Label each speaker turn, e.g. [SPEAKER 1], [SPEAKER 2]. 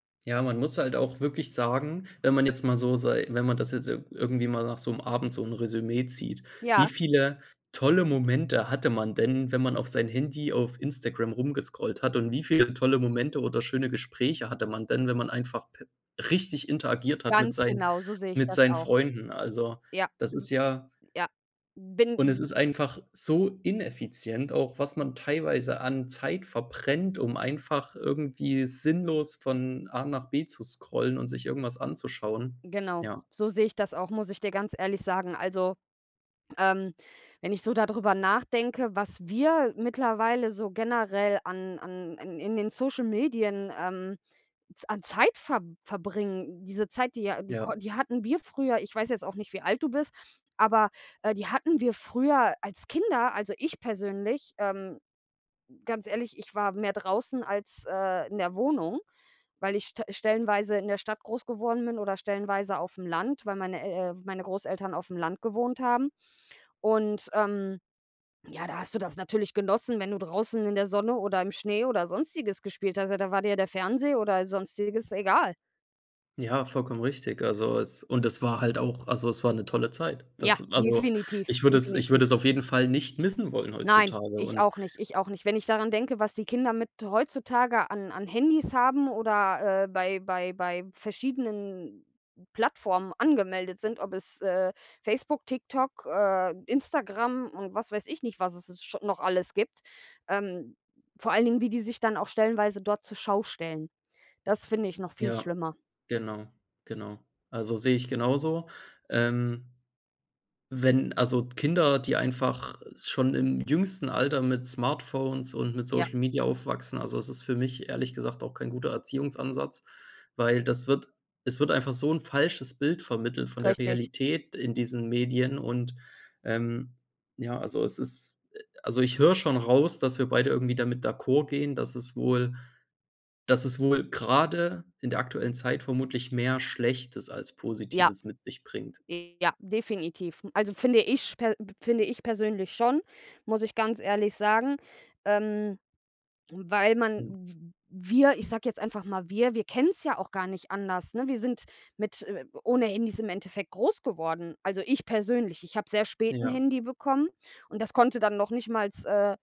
[SPEAKER 1] Ja, man muss halt auch wirklich sagen, wenn man jetzt mal so sei wenn man das jetzt ir irgendwie mal nach so 'm Abend so 'n Resümee zieht, wie
[SPEAKER 2] Ja.
[SPEAKER 1] viele tolle Momente hatte man denn, wenn man auf sein Handy auf Instagram rumgescrollt hat? Und wie viele tolle Momente oder schöne Gespräche hatte man denn, wenn man einfach, äh, richtig interagiert hat mit
[SPEAKER 2] Ganz
[SPEAKER 1] sein
[SPEAKER 2] genau, so sehe ich
[SPEAKER 1] mit
[SPEAKER 2] das
[SPEAKER 1] seinen
[SPEAKER 2] auch.
[SPEAKER 1] Freunden. Also,
[SPEAKER 2] Ja,
[SPEAKER 1] das
[SPEAKER 2] is
[SPEAKER 1] ist ja
[SPEAKER 2] ja,
[SPEAKER 1] Und
[SPEAKER 2] bin
[SPEAKER 1] es
[SPEAKER 2] g
[SPEAKER 1] ist einfach so ineffizient. Auch was man teilweise an Zeit verbrennt, um einfach irgendwie sinnlos von A nach B zu scrollen und sich irgendwas anzuschauen,
[SPEAKER 2] Genau,
[SPEAKER 1] ja.
[SPEAKER 2] so sehe ich das auch, muss ich dir ganz ehrlich sagen. Also, ähm, wenn ich so da drüber nachdenke, was wir mittlerweile so generell an an in in den Social Medien, ähm, z an Zeit ver verbringen, diese Zeit, die ja die
[SPEAKER 1] Ja.
[SPEAKER 2] kon die hatten wir früher ich weiß jetzt auch nicht, wie alt du bist, aber äh, die hatten wir früher als Kinder also, ich persönlich, ähm, ganz ehrlich, ich war mehr draußen als äh, in der Wohnung, weil ich st stellenweise in der Stadt groß geworden bin oder stellenweise aufm Land, weil meine El äh, meine Großeltern aufm Land gewohnt haben. Und, ähm, ja, da hast du das natürlich genossen, wenn du draußen in der Sonne oder im Schnee oder Sonstiges gespielt hast. Ja, da war dir der Fernseher oder Sonstiges, egal.
[SPEAKER 1] Ja, vollkommen richtig. Also, es und es war halt auch also, es war 'ne tolle Zeit.
[SPEAKER 2] Ja,
[SPEAKER 1] Das, also,
[SPEAKER 2] definitiv,
[SPEAKER 1] ich würde es ich
[SPEAKER 2] definitiv.
[SPEAKER 1] würde es auf jeden Fall nicht missen wollen
[SPEAKER 2] Nein,
[SPEAKER 1] heutzutage
[SPEAKER 2] ich
[SPEAKER 1] und
[SPEAKER 2] auch nicht, ich auch nicht. Wenn ich daran denke, was die Kinder mit heutzutage an an Handys haben oder, äh, bei bei bei verschiedenen Plattformen angemeldet sind, ob es, äh, Facebook, TikTok, äh, Instagram und was weiß ich nicht, was es scho noch alles gibt. Ähm, vor allen Dingen, wie die sich dann auch stellenweise dort zur Schau stellen. Das finde ich noch viel
[SPEAKER 1] Ja,
[SPEAKER 2] schlimmer.
[SPEAKER 1] genau, genau. Also, sehe ich genauso. Ähm wenn, also, Kinder, die einfach schon im jüngsten Alter mit Smartphones und mit
[SPEAKER 2] Ja.
[SPEAKER 1] Social Media aufwachsen, also, es ist für mich ehrlich gesagt auch kein guter Erziehungsansatz, weil das wird es wird einfach so 'n falsches Bild vermittelt von der
[SPEAKER 2] Richtig.
[SPEAKER 1] Realität in diesen Medien und, ähm, ja, also, es ist äh, also, ich höre schon raus, dass wir beide irgendwie damit d'accord gehen, dass es wohl dass es wohl gerade in der aktuellen Zeit vermutlich mehr Schlechtes als
[SPEAKER 2] Ja.
[SPEAKER 1] Positives mit sich bringt.
[SPEAKER 2] Ja, definitiv. Also, finde ich per p finde ich persönlich schon, muss ich ganz ehrlich sagen, ähm, weil man
[SPEAKER 1] Hm.
[SPEAKER 2] w wir, ich sage jetzt einfach mal wir, wir kennen es ja auch gar nicht anders, ne? Wir sind mit äh, ohne Handys im Endeffekt groß geworden, also, ich persönlich. Ich habe sehr spät 'n
[SPEAKER 1] Ja.
[SPEAKER 2] Handy bekommen und das konnte dann noch nicht mal, äh